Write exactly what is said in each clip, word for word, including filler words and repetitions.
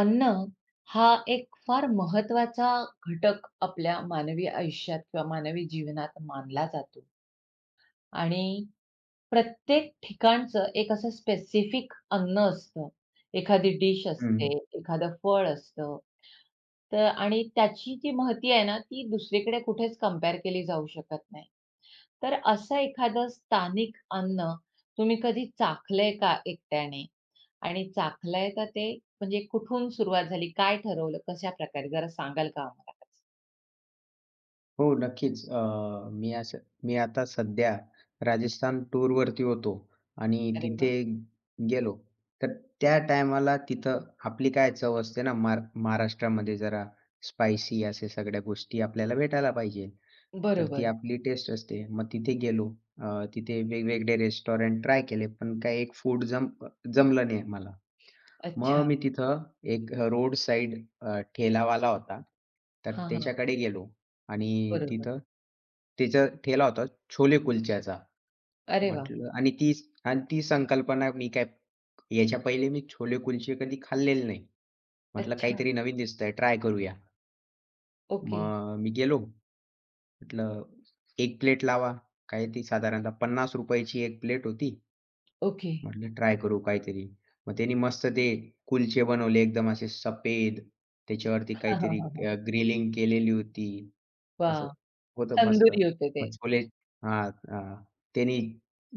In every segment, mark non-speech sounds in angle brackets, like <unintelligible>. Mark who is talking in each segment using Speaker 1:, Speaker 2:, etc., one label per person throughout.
Speaker 1: अन्न, हा एक फार महत्वाचा घटक आपल्या मानवी आयुष्यात किंवा मानवी जीवनात मानला जातो. आणि प्रत्येक ठिकाणचं एक असं स्पेसिफिक अन्न असतं. एखादी डीश असते,
Speaker 2: हं.
Speaker 1: एखादं फळ असतं. तर आणि त्याची जी माहिती आहे ना, ती दुसरीकडे कुठेच कंपेअर केली जाऊ शकत नाही. तर असं एखादं स्थानिक अन्न, तुम्ही कधी चाखलंय का एकट्याने? आणि चाखलंय का ते म्हणजे कुठून सुरुवात झाली? काय ठरवलं, कशा प्रकारे जरा सांगाल का आम्हाला त्याचं?
Speaker 2: हो. नक्कीच. अ, मी असं मी आता सध्या राजस्थान टूरवरती होतो आणि
Speaker 1: अरे
Speaker 2: तिथे
Speaker 1: वाह!
Speaker 2: गेलो. तर त्या टायमाला तिथं आपली काय चव असते ना. मार महाराष्ट्रामध्ये जरा स्पायसी अशा सगळ्या गोष्टी आपल्याला भेटायला पाहिजे. तर ती
Speaker 1: बरोबर.
Speaker 2: आपली टेस्ट असते. मग तिथे गेलो अ, तिथे वेगवेगळे रेस्टॉरंट ट्राय केले, पण काय एक फूड जम अ, जमलं नाही मला. मग
Speaker 1: अच्छा.
Speaker 2: मी तिथं एक अ, रोड साइड अ, ठेलावाला होता. तर
Speaker 1: हां, हां.
Speaker 2: त्याच्याकडे गेलो आणि
Speaker 1: बरोबर.
Speaker 2: तिथं त्याचा ठेला होता छोले कुलच्याचा.
Speaker 1: अरे वाह!
Speaker 2: म्हटलं आणि ती आणि ती संकल्पना मी काय याच्या पहिले मी छोले-कुलचे कधी खाल्लेले नाही. म्हटलं,
Speaker 1: अच्छा.
Speaker 2: "काहीतरी नवीन दिसतंय. ट्राय करूया."
Speaker 1: ओके.
Speaker 2: मग मी गेलो. म्हटलं, "एक प्लेट लावा." काय ती साधारणतः पन्नास रुपया ची एक प्लेट होती.
Speaker 1: ओके.
Speaker 2: म्हटलं ट्राय करू काहीतरी. मग त्याने मस्त ते कुलछे बनवले. एकदम असे सफेद त्याच्यावरती
Speaker 1: हां, हां,
Speaker 2: काहीतरी
Speaker 1: हां,
Speaker 2: अ,
Speaker 1: हां.
Speaker 2: ग्रिलिंग केलेली होती, असं
Speaker 1: वाह!
Speaker 2: होतं मस्त.
Speaker 1: तंदुरी होते ते.
Speaker 2: मग छोले हां. अ, त्याने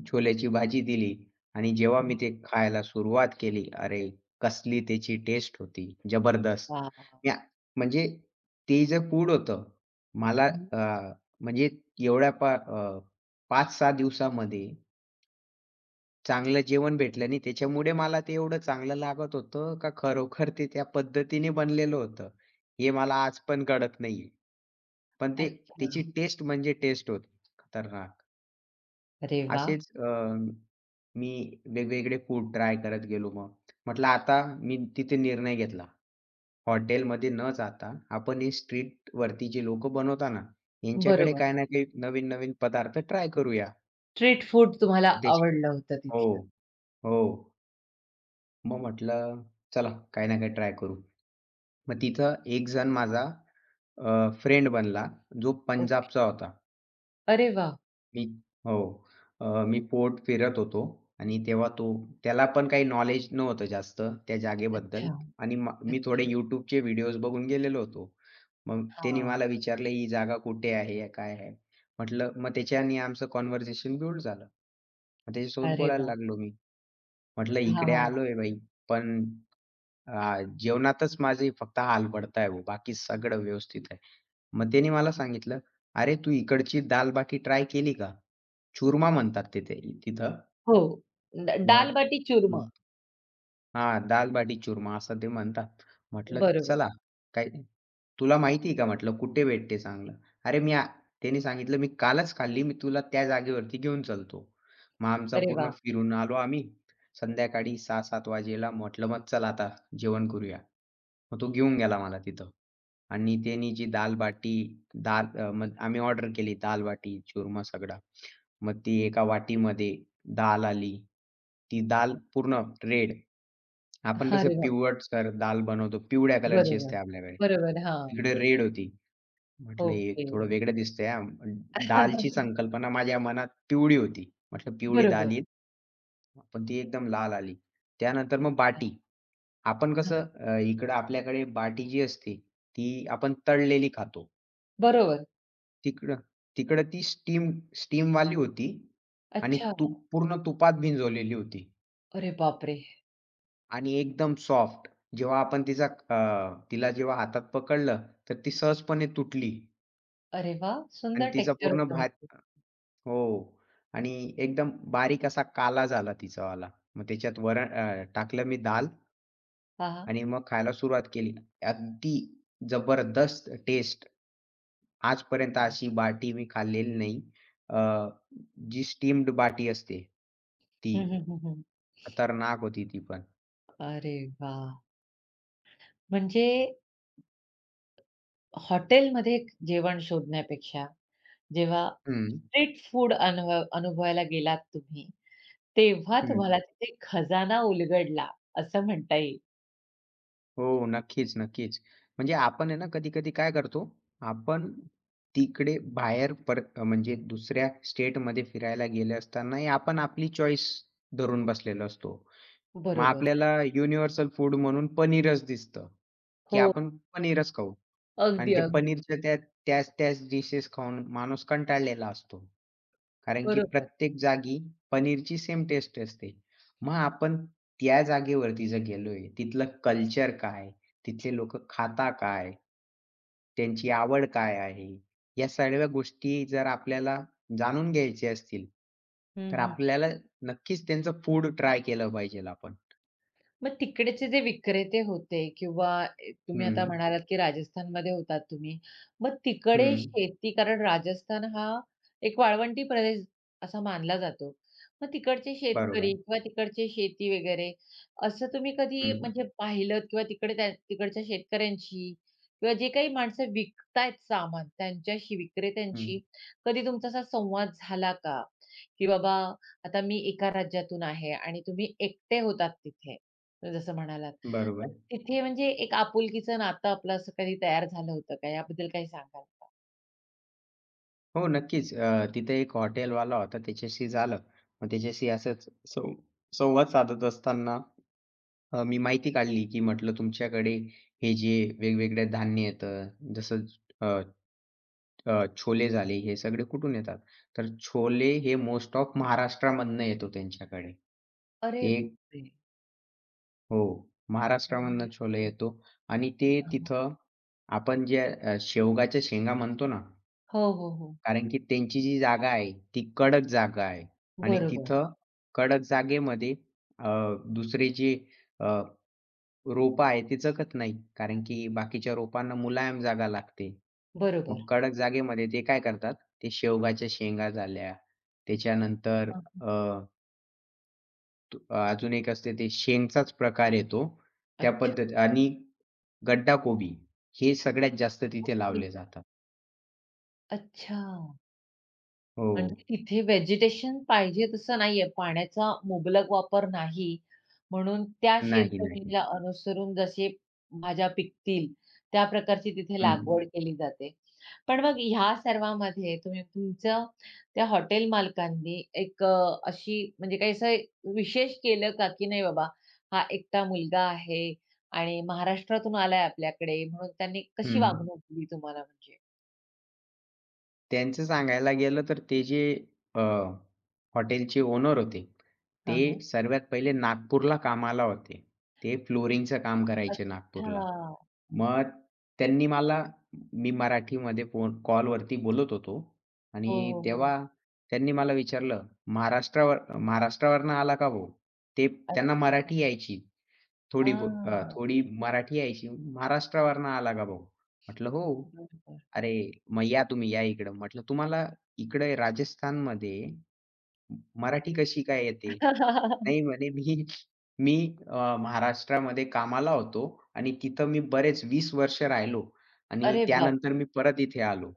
Speaker 2: छोल्याची भाजी दिली आणि जेव्हा
Speaker 1: हं.
Speaker 2: मी ते खायला सुरुवात केली. अरे, कसली त्याची टेस्ट होती, जबरदस्त.
Speaker 1: वाह!
Speaker 2: त्या म्हणजे ते जे फूड होतं. मला
Speaker 1: हं.
Speaker 2: अ, म्हणजे एवढ्या पा अ, पाच सहा दिवसामध्ये चांगलं जेवण भेटलं नाही त्याच्यामुळे मला ते एवढं चांगलं लागत होतं, का खरोखर ते त्या पद्धतीने बनलेलं होतं. हे मला आज पण कळत नाहीये. पण ते
Speaker 1: अच्छा.
Speaker 2: त्याची टेस्ट म्हणजे टेस्ट होती. खतरनाक.
Speaker 1: अरे वाह!
Speaker 2: असेच अ, मी वेगवेगळे फूड ट्राय करत गेलो मग. म्हटलं आता मी तिथे निर्णय घेतला. हॉटेलमध्ये न जाता, आपण हे स्ट्रीटवरती जी लोक बनवतात ना, यांच्याकडे
Speaker 1: बरोबर.
Speaker 2: काही ना काही नवीन-नवीन पदार्थ ट्राय करूया.
Speaker 1: स्ट्रीट फूड तुम्हाला
Speaker 2: <unintelligible>
Speaker 1: आवडलं होतं तिथलं.
Speaker 2: हो. हो. मग म्हटलं, चला काही ना काही ट्राय करू. मग तिथं एक जण माझा अ, फ्रेंड बनला. जो
Speaker 1: ओके.
Speaker 2: पंजाबचा होता.
Speaker 1: अरे वाह!
Speaker 2: मी हो. अ, मी फोर्ट फिरत होतो आणि तेव्हा तो, त्याला पण काही नॉलेज नव्हतं जास्त. त्या
Speaker 1: अच्छा.
Speaker 2: जागेबद्दल आणि मा मी थोडे
Speaker 1: अच्छा.
Speaker 2: YouTubeचे व्हिडिओज बघून गेलेलो होतो. मग त्यांनी
Speaker 1: हां.
Speaker 2: मला विचारलं, "ही जागा कुठे आहे? काय आहे?" म्हटलं, मग त्याच्याने आमचं कन्व्हर्सेशन बिल्ड झालं. मग त्याच्यासोबत
Speaker 1: अरे
Speaker 2: बोलायला
Speaker 1: वाह!
Speaker 2: लागलो मी. म्हटलं,
Speaker 1: हां,
Speaker 2: "इकडे
Speaker 1: हां.
Speaker 2: आलोय भाई पण अ, जेवणातच माझी फक्त हाल पडतय हो बाकी सगळं व्यवस्थित आहे." मग त्याने मला सांगितलं, "अरे तू इकडची दाल-बाटी ट्राय केली का?" चूरमा म्हणतात तिथे तिथं.
Speaker 1: हो. द
Speaker 2: मग
Speaker 1: दाल-बाटी चूरमा.
Speaker 2: हं. हां. दाल-बाटी-चूरमा असं ते म्हणतात. म्हटलं,
Speaker 1: बरोबर.
Speaker 2: "चला, काही, तुला माहिती आहे का," म्हटलं, "कुठे भेटते चांगलं." अरे मी, त्याने सांगितलं, "मी कालच खाल्ली मी तुला त्या जागेवरती घेऊन चालतो." मग आमचा
Speaker 1: अरे
Speaker 2: पूर्ण
Speaker 1: वाह!
Speaker 2: फिरून आलो आम्ही, संध्याकाळी सहा सात वाजेला. म्हटलं, "मग चला आता जेवण करूया." मग तो घेऊन गेला मला तिथं आणि त्यानी जी दाल-बाटी, दाल अ, मग आम्ही ऑर्डर केली. दाल-बाटी-चूरमा सगळा. मग ती एका वाटीमध्ये, दाल आली. ती दाल
Speaker 1: अच्छा.
Speaker 2: पूर्ण रेड. आपण कसं
Speaker 1: अरे बापरे!
Speaker 2: पिवटसर दाल बनवतो. पिवळ्या कलरची
Speaker 1: बरोबर.
Speaker 2: असते आपल्याकडे.
Speaker 1: बरोबर, हां.
Speaker 2: इकडे रेड होती. म्हटलं, "हे
Speaker 1: ओके.
Speaker 2: थोडं वेगळं दिसतंय हां." दालची
Speaker 1: <chuckles>
Speaker 2: संकल्पना माझ्या मनात पिवळी होती. म्हटलं पिवळी
Speaker 1: बरोबर.
Speaker 2: दाल येईल. हा पण ती एकदम लाल आली. त्यानंतर मग
Speaker 1: अच्छा.
Speaker 2: बाटी. आपण
Speaker 1: हं.
Speaker 2: कसं अ, इकडे आपल्याकडे बाटी जी असते, ती आपण तळलेली खातो.
Speaker 1: बरोबर.
Speaker 2: तिकडं तिकडं ती स्टीम स्टीमवाली होती आणि
Speaker 1: अच्छा!
Speaker 2: तूप पूर्ण तुपात भिंजवलेली होती.
Speaker 1: अरे बापरे!
Speaker 2: आणि एकदम सॉफ्ट. जेव्हा आपण तिचा अ, तिला जेव्हा हातात पकडलं तर ती सहजपणे तुटली.
Speaker 1: अरे वाह! सुंदर
Speaker 2: आणि तिचा
Speaker 1: टेक्सचर
Speaker 2: पूर्ण भाग
Speaker 1: होतं.
Speaker 2: हो. आणि एकदम बारीक असा काला झाला तिचावाला. मग त्याच्यात वरण अ, टाकलं मी दाल
Speaker 1: हां.
Speaker 2: आणि मग खायला सुरुवात केली. अगदी, जबरदस्त टेस्ट! आजपर्यंत
Speaker 1: हं.
Speaker 2: अशी बाटी मी खाल्लेली नाही. अ, जी स्टीम्ड बाटी असते, ती.
Speaker 1: हं, हं, हं, हं, हं.
Speaker 2: खतरनाक होती ती पण.
Speaker 1: अरे वाह! म्हणजे हॉटेलमध्ये जेवण शोधण्यापेक्षा जेव्हा
Speaker 2: हं.
Speaker 1: स्ट्रीट फूड अन अनुभवायला गेलात तुम्ही. तेव्हा
Speaker 2: हं.
Speaker 1: तुम्हाला तिथे खजाना उलगडला असं म्हणता येईल.
Speaker 2: हो. नक्कीच, नक्कीच, म्हणजे आपण आहे ना, कधी-कधी काय करतो, आपण तिकडे बाहेर पर म्हणजे दुसऱ्या स्टेटमध्ये फिरायला गेले असतानाही आपण आपली चॉईस धरून बसलेलो असतो. मग
Speaker 1: बरोबर.
Speaker 2: आपल्याला युनिव्हर्सल फूड म्हणून पनीरच दिसतं. की
Speaker 1: हो.
Speaker 2: आपण पनीरच खाऊ आणि
Speaker 1: अगदी,
Speaker 2: ते
Speaker 1: अगदी.
Speaker 2: पनीरच्या त्या त्याच-त्याच डिशेस खाऊन माणूस कंटाळलेला असतो. कारण की
Speaker 1: बरोबर.
Speaker 2: प्रत्येक जागी पनीरची सेम टेस्ट असते. मग आपण त्या जागेवरती जर गेलोय तिथलं कल्चर काय? तिथले लोक खातां काय? त्यांची आवड काय आहे? या सगळ्या गोष्टी जर आपल्याला जाणून घ्यायच्या असतील.
Speaker 1: हं,
Speaker 2: तर
Speaker 1: हं.
Speaker 2: आपल्याला नक्कीच त्यांचं फूड ट्राय केलं पाहिजेल आपण.
Speaker 1: मग तिकडचे जे विक्रेते होते किंवा तुम्ही आता
Speaker 2: हं.
Speaker 1: म्हणालात, की राजस्थानमध्ये होतात तुम्ही. मग तिकडे
Speaker 2: हं.
Speaker 1: शेती, कारण राजस्थान हा एक वाळवंटी प्रदेश असा मानला जातो. मग तिकडचे शेतकरी
Speaker 2: बरोबर.
Speaker 1: किंवा तिकडचे शेती वगैरे असं तुम्ही कधी
Speaker 2: हं.
Speaker 1: म्हणजे पाहिलत किंवा तिकडे त्या तिकडच्या शेतकऱ्यांशी किंवा जी काही माणसं विकत आहेत सामान त्यांच्याशी,
Speaker 2: हं.
Speaker 1: विक्रेत्यांशी कधी तुमचा असा संवाद झाला का? की बाबा आता मी एका राज्यातून आहे आणि तुम्ही एकटे होतात तिथे जसं म्हणालात. तर
Speaker 2: बरोबर.
Speaker 1: तिथे म्हणजे एक आपुलकीच नातं आपलं असं कधी तयार झालं होतं का? याबद्दल काही सांगाल का?
Speaker 2: हो, नक्कीच. अ, तिथे एक हॉटेलवाला होता, त्याच्याशी झालं. मग त्याच्याशी असंच सं संवाद साधत असताना अ, मी माहिती काढली, की म्हटलं "तुमच्याकडे हे जे वेगवेगळे धान्य येतं, जसं अ, अ, छोले झाले हे सगळे कुठून येतात?" तर छोले हे मोस्ट ऑफ महाराष्ट्रामधून येतो त्यांच्याकडे.
Speaker 1: अरे
Speaker 2: एक
Speaker 1: बापरे!
Speaker 2: हो, महाराष्ट्रामधून छोले
Speaker 1: <unintelligible>
Speaker 2: येतो आणि ते
Speaker 1: हं, हं.
Speaker 2: तिथं, आपण जे अ, शेवगाच्या शेंगा म्हणतो ना.
Speaker 1: हो, हो, हो.
Speaker 2: कारण की त्यांची जी जागा आहे, ती कडक जागा आहे आणि
Speaker 1: बरोबर.
Speaker 2: तिथं कडक जागेमध्ये अ, दुसरी जी अ, रोपं आहेत ती जगत नाही. कारण की बाकीच्या रोपांना मुलायम जागा लागते. मग
Speaker 1: बरोबर.
Speaker 2: कडक जागेमध्ये ते काय करतात ते शेवगाच्या शेंगा झाल्या. त्याच्यानंतर
Speaker 1: अ, हं.
Speaker 2: अ तू अजून एक असते ते शेंगचाच प्रकार येतो. त्या
Speaker 1: अच्छा.
Speaker 2: पद्धत आणि गड्डा कोबी हे सगळ्यात जास्त तिथे
Speaker 1: ओके.
Speaker 2: लावले जातात.
Speaker 1: अच्छा. म्हणजे
Speaker 2: हो.
Speaker 1: तिथे व्हेजिटेशन पाहिजे तसं नाही आहे, पाण्याचा मुबलक वापर नाही. म्हणून त्या
Speaker 2: नाही, नाही.
Speaker 1: शेतजमिनीला अनुसरून जसे भाज्या पिकतील, त्या प्रकारची तिथे लागवड
Speaker 2: हं.
Speaker 1: केली जाते. पण मग ह्या सर्वामध्ये तुम्ही तुमचं त्या हॉटेल मालकांनी एक अ, अशी म्हणजे काही असं विशेष केलं का, की नाही बाबा हा एकटा मुलगा आहे आणि महाराष्ट्रातून आलाय आपल्याकडे, म्हणून त्यांनी कशी
Speaker 2: हं.
Speaker 1: वागणूक दिली तुम्हाला म्हणजे?
Speaker 2: त्यांचं सांगायला गेलं तर ते जे अ, हॉटेलचे ओनर होते.
Speaker 1: हां,
Speaker 2: ते
Speaker 1: हां.
Speaker 2: सर्वात पहिले नागपूरला कामाला होते. ते फ्लोरिंगचं काम करायचे नागपूरला.
Speaker 1: अच्छा!
Speaker 2: मग त्यांनी मला मी मराठीमध्ये फोन कॉलवरती बोलत होतो
Speaker 1: हो,
Speaker 2: आणि
Speaker 1: हो, हो.
Speaker 2: तेव्हा त्यांनी मला विचारलं, "महाराष्ट्रावर महाराष्ट्रावरून आला का भाऊ?" ते त्यांना
Speaker 1: अच्छा.
Speaker 2: मराठी यायची थोडी-बहुत. अ,
Speaker 1: अ.
Speaker 2: थोडी मराठी यायची. "महाराष्ट्रावरून आला का भाऊ?" म्हटलं, "हो."
Speaker 1: बरोबर.
Speaker 2: "अरे मग या तुम्ही या इकडं." म्हटलं, "तुम्हाला इकडे राजस्थानमध्ये. म मराठी कशी काय येते?"
Speaker 1: <laughs>
Speaker 2: नाही म्हणे "मी मी अ, महाराष्ट्रामध्ये कामाला होतो आणि तिथे मी बरेच वीस वर्ष राहिलो. आणि
Speaker 1: अरे, बाप!
Speaker 2: त्यानंतर मी परत इथे आलो."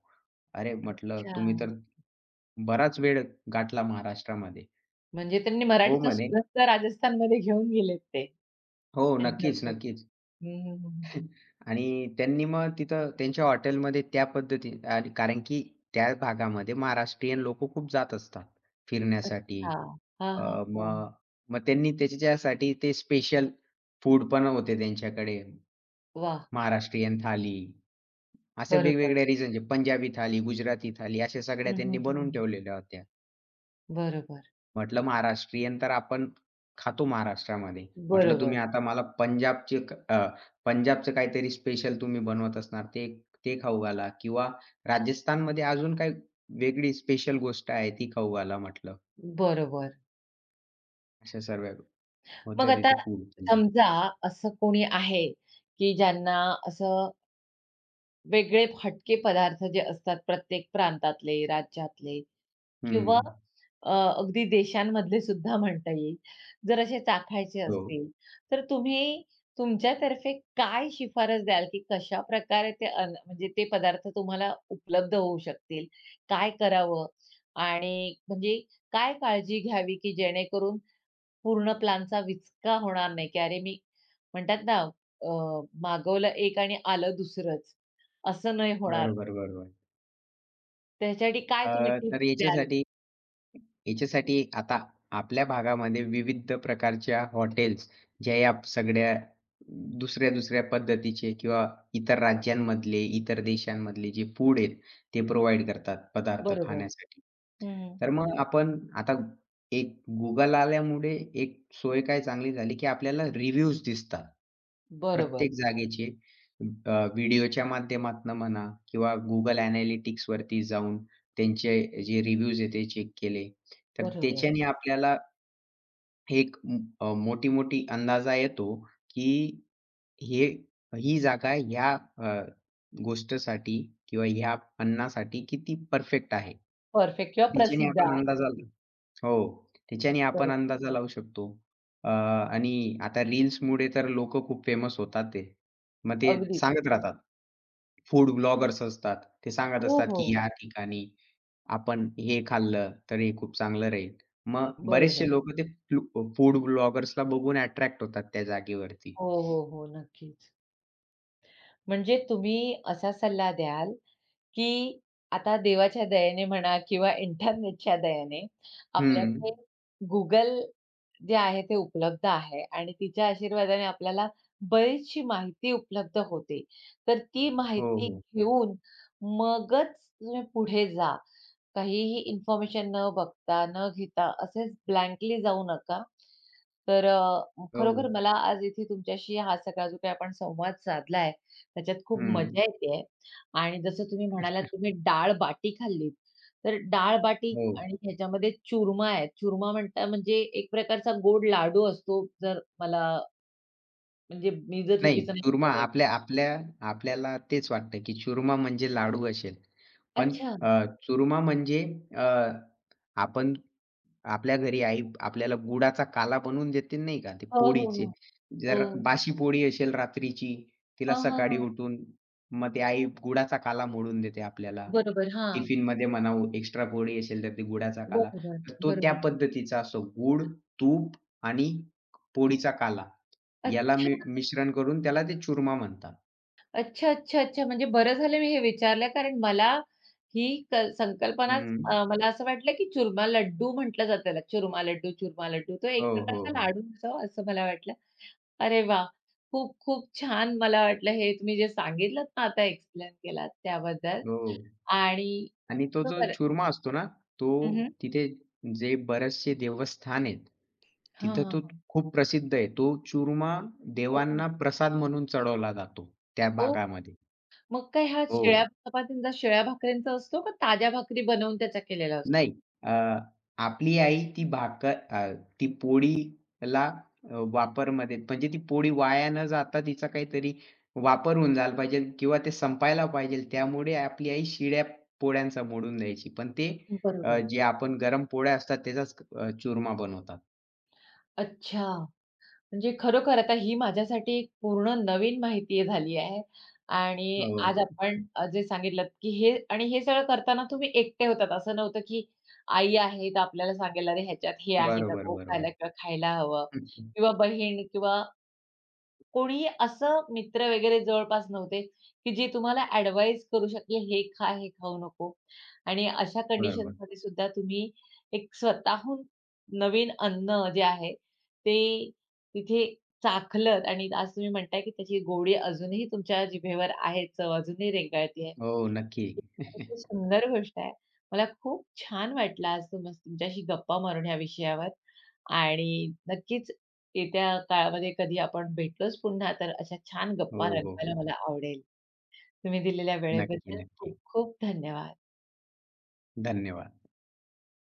Speaker 2: अरे! म्हटलं, "तुम्ही तर
Speaker 1: अच्छा.
Speaker 2: बराच वेळ गाठला महाराष्ट्रामध्ये."
Speaker 1: म्हणजे त्यांनी
Speaker 2: हो,
Speaker 1: मराठीचा
Speaker 2: म्हणे.
Speaker 1: सुगंध राजस्थानमध्ये घेऊन गेलेत ते.
Speaker 2: हो,
Speaker 1: एन्जॉय
Speaker 2: नक्कीच,
Speaker 1: करून.
Speaker 2: नक्कीच.
Speaker 1: हं, हं, हं.
Speaker 2: <chuckles> आणि त्यांनी मग तिथं त्यांच्या हॉटेलमध्ये त्या पद्धती कारण, की त्या भागामध्ये महाराष्ट्रीयन लोक खूप जात असतात फिरण्यासाठी.
Speaker 1: अच्छा. हां,
Speaker 2: अ,
Speaker 1: हां, हां.
Speaker 2: मग मग त्यांनी त्यांच्यासाठी ते स्पेशल फूड पण होते त्यांच्याकडे.
Speaker 1: वाह!
Speaker 2: महाराष्ट्रीयन थाली. अशा
Speaker 1: बरोबर.
Speaker 2: वेगवेगळ्या रिजनचे. पंजाबी थाली, गुजराती थाली अशा
Speaker 1: हं,
Speaker 2: सगळ्या त्यांनी
Speaker 1: हं,
Speaker 2: बनवून
Speaker 1: हं.
Speaker 2: ठेवलेल्या होत्या.
Speaker 1: बरोबर.
Speaker 2: म्हटलं महाराष्ट्रीयन तर आपण खातो महाराष्ट्रामध्ये. म्हटलं तुम्ही
Speaker 1: बरोबर.
Speaker 2: आता मला पंजाबची एक अ, पंजाबचं काहीतरी स्पेशल तुम्ही बनवत असणार ते ते खाऊ घाला किंवा राजस्थानमध्ये अजून काही वेगळी स्पेशल गोष्ट आहे ती खाऊ घाला म्हटलं.
Speaker 1: बरोबर.
Speaker 2: अशा सर्व्या होत्या
Speaker 1: मग आता
Speaker 2: तिथे <unintelligible> म्हणजे.
Speaker 1: समजा असं कोणी आहे, की ज्यांना असं वेगळे हटके पदार्थ जे असतात प्रत्येक प्रांतातले, राज्यातले किंवा
Speaker 2: हं.
Speaker 1: अ, अगदी देशांमधले सुद्धा म्हणता येईल. जर असे चाखायचे
Speaker 2: हो.
Speaker 1: असतील तर तुम्ही तुमच्यातर्फे काय शिफारस द्याल, की कशा प्रकारे ते अन्न, म्हणजे ते पदार्थ तुम्हाला उपलब्ध होऊ शकतील, काय करावं आणि म्हणजे काय काळजी घ्यावी, की जेणेकरून पूर्ण प्लॅनचा विचका होणार नाही, की अरे मी म्हणतात ना अ, मागवलं एक आणि आलं दुसरंच. असं नाही होणार.
Speaker 2: बरोबर-बरोबर.
Speaker 1: त्याच्यासाठी काय
Speaker 2: अ,
Speaker 1: तुम्ही टिप्स
Speaker 2: तर
Speaker 1: द्याल?
Speaker 2: याच्यासाठी. ह्याच्यासाठी आता आपल्या भागामध्ये विविध प्रकारच्या हॉटेल्स ज्या या सगळ्या दुसऱ्या-दुसऱ्या पद्धतीचे किंवा इतर राज्यांमधले इतर देशांमधले जे फूड आहेत, ते प्रोव्हाईड करतात पदार्थ
Speaker 1: बरोबर.
Speaker 2: खाण्यासाठी.
Speaker 1: हं.
Speaker 2: तर मग आपण आता एक Google आल्यामुळे एक सोय काय चांगली झाली, की आपल्याला रिव्ह्यूज दिसतात.
Speaker 1: बरोबर.
Speaker 2: प्रत्येक जागेचे, अ, व्हिडिओच्या माध्यमातून म्हणा किंवा Google ॲनालिटिक्सवरती जाऊन, त्यांचे जे रिव्ह्यूज आहेत. ते चेक केले तर
Speaker 1: बरोबर.
Speaker 2: त्याच्याने आपल्याला फेक अ, मोठी-मोठी अंदाजा येतो, की हे, ही जागा ह्या अ, गोष्टीसाठी किंवा ह्या अन्नासाठी किती परफेक्ट आहे.
Speaker 1: परफेक्ट किंवा
Speaker 2: तिच्याने
Speaker 1: प्रसिद्ध आ
Speaker 2: आपणला अंदाजा आला हो, तिच्याने आपण
Speaker 1: बरोबर.
Speaker 2: अंदाजा लावू शकतो. अ आणि आता रील्समुळे तर लोक खूप फेमस होतात ते. मग ते
Speaker 1: अगदी.
Speaker 2: सांगत राहतात. फूड ब्लॉगर्स असतात. ते सांगत
Speaker 1: हो,
Speaker 2: असतात, की
Speaker 1: हो.
Speaker 2: या ठिकाणी आपण हे खाल्लं, तर हे खूप चांगलं राहील. मग बरेचसे
Speaker 1: बरोबर.
Speaker 2: लोकं ते फू फूड ब्लॉगर्सला बघून अट्रॅक्ट होतात त्या जागेवरती.
Speaker 1: हो, हो, हो. नक्कीच. म्हणजे तुम्ही असा सल्ला द्याल, की आता देवाच्या दयेने म्हणा किंवा इंटरनेटच्या दयेने आपल्याकडे
Speaker 2: हं.
Speaker 1: Google जे आहे, ते उपलब्ध आहे आणि तिच्या आशीर्वादाने आपल्याला बरीचशी माहिती उपलब्ध होते. तर ती
Speaker 2: हो,
Speaker 1: माहिती
Speaker 2: हो.
Speaker 1: घेऊन, मगच तुम्ही पुढे जा. काहीही इन्फॉर्मेशन न बघता, न घेता असेच ब्लँकली जाऊ नका. तर अ, खरोखर
Speaker 2: हो.
Speaker 1: मला आज इथे तुमच्याशी हा सगळा जो काही आपण संवाद साधला आहे, त्याच्यात खूप
Speaker 2: हं.
Speaker 1: मजा येत आहे आणि जसं तुम्ही म्हणालात,
Speaker 2: <chuckles>
Speaker 1: तुम्ही डाळ-बाटी खाल्लीत. तर डाळ-बाटी
Speaker 2: हो.
Speaker 1: आणि ह्याच्यामध्ये चूरमा आहेत, चूरमा म्हणता म्हणजे एक प्रकारचा गोड लाडू असतो जर मला म्हणजे मी जर
Speaker 2: नाही
Speaker 1: चुकीचं नाही
Speaker 2: चूरमा
Speaker 1: <unintelligible> आहे.
Speaker 2: आपल्या-आपल्या आपल्याला तेच वाटतं, की चूरमा म्हणजे लाडू असेल. पण
Speaker 1: अच्छा.
Speaker 2: अ, चूरमा म्हणजे अ, आपण आपल्या घरी आई आपल्याला गुळाचा काला बनवून देतील नाही का ते
Speaker 1: हो, हो,
Speaker 2: पोळीचे.
Speaker 1: हो.
Speaker 2: जर
Speaker 1: हो.
Speaker 2: बाशी पोळी असेल रात्रीची, तिला
Speaker 1: हां, हां,
Speaker 2: सकाळी
Speaker 1: हां.
Speaker 2: उठून मग ती आई गूळाचा काला मोडून देते आपल्याला.
Speaker 1: बरोबर. हां.
Speaker 2: टिफिनमध्ये म्हणा एक्स्ट्रा पोळी असेल, तर ते गूळाचा काला
Speaker 1: बरोबर,
Speaker 2: तर तो त्या
Speaker 1: बरोबर.
Speaker 2: पद्धतीचा असो गूळ, तूप आणि क पोळीचा काला याला
Speaker 1: अच्छा.
Speaker 2: मि मिश्रण करून त्याला ते चूरमा म्हणतात.
Speaker 1: अच्छा, अच्छा, अच्छा. म्हणजे बरं झालं मी हे विचारलं कारण मला ही क संकल्पनाच
Speaker 2: हं.
Speaker 1: मला अ, असं वाटलं, की चूरमा लड्डू म्हटलं जातं त्याला चूरमा लड्डू, चूरमा लड्डू. तो एक
Speaker 2: हो, हो,
Speaker 1: प्रकारचा
Speaker 2: हो.
Speaker 1: लाडू असावा असं मला वाटलं. अरे वाह! खूप-खूप छान मला वाटलं हे तुम्ही जे सांगितलंत ना, आता एक्सप्लेन केलात त्याबद्दल
Speaker 2: हो
Speaker 1: आणि
Speaker 2: आणि तो जो
Speaker 1: खरोखर
Speaker 2: चूरमा असतो ना, तो
Speaker 1: हं, हं.
Speaker 2: तिथे जे बरेचसे देवस्थान आहेत.
Speaker 1: हां,
Speaker 2: तिथं
Speaker 1: हां,
Speaker 2: तो
Speaker 1: हां.
Speaker 2: खूप प्रसिद्ध आहे. तो चूरमा
Speaker 1: हो.
Speaker 2: देवांना प्रसाद म्हणून चढवला जातो, त्या
Speaker 1: ओह!
Speaker 2: भागामध्ये.
Speaker 1: मग काय हा शिळ्या
Speaker 2: हो.
Speaker 1: चपातींचा शिळ्या भाकरीचा असतो का ताज्या भाकरी बनवून त्याचा केलेला असतो?
Speaker 2: नाही. अ, आपली आई ती भाकर अ, ती पोळीला वापरमध्ये म्हणजे ती पोळी वाया न जाता तिचा काहीतरी वापर होऊन झाला पाहिजेल किंवा ते संपायला पाहिजेल त्यामुळे आपली आई शिळ्या पोळ्यांचा मोडून द्यायची. पण ते अ,
Speaker 1: बरोबर.
Speaker 2: जे आपण गरम पोळ्या असतात त्याचाच अ, चूरमा बनवतात.
Speaker 1: अच्छा, म्हणजे खरोखर आता ही माझ्यासाठी एक पूर्ण नवीन माहिती झाली आहे आणि
Speaker 2: हो.
Speaker 1: आज आपण जे सांगितलंत, की हे आणि हे सगळं करताना तुम्ही एकटे होतात असं नव्हतं, की आई आहे तर आपल्याला सांगेल "अरे! ह्याच्यात हे आहे
Speaker 2: बरोबर,
Speaker 1: नको
Speaker 2: बरोबर.
Speaker 1: खायला किंवा खायला हवं."
Speaker 2: हं, हं.
Speaker 1: किंवा बहीण किंवा कोणीही असं मित्र वगैरे जवळपास नव्हते, की जे तुम्हाला ॲडव्हाइस करू शकतील हे खा हे खाऊ नको आणि अशा
Speaker 2: बरोबर.
Speaker 1: कंडिशनमध्ये सुद्धा तुम्ही एक स्वतःहून नवीन अन्न जे आहे ते तिथे चाखलंत आणि आज तुम्ही म्हणताय, की त्याची गोडी अजूनही तुमच्या जिभेवर आहे. चव अजूनही रेंगाळती आहे.
Speaker 2: हो, नक्की.
Speaker 1: किती
Speaker 2: <chuckles>
Speaker 1: सुंदर गोष्ट आहे. मला खूप छान वाटलं आज तुमच्या तुमच्याशी गप्पा मारून या विषयावर आणि नक्कीच येत्या काळामध्ये कधी आपण भेटलोच पुन्हा तर अशा छान गप्पा
Speaker 2: हो, हो,
Speaker 1: रंगवायला
Speaker 2: हो.
Speaker 1: मला आवडेल. तुम्ही दिलेल्या
Speaker 2: नक्की,
Speaker 1: वेळेबद्दल
Speaker 2: नक्की.
Speaker 1: खूप-खूप धन्यवाद.
Speaker 2: धन्यवाद.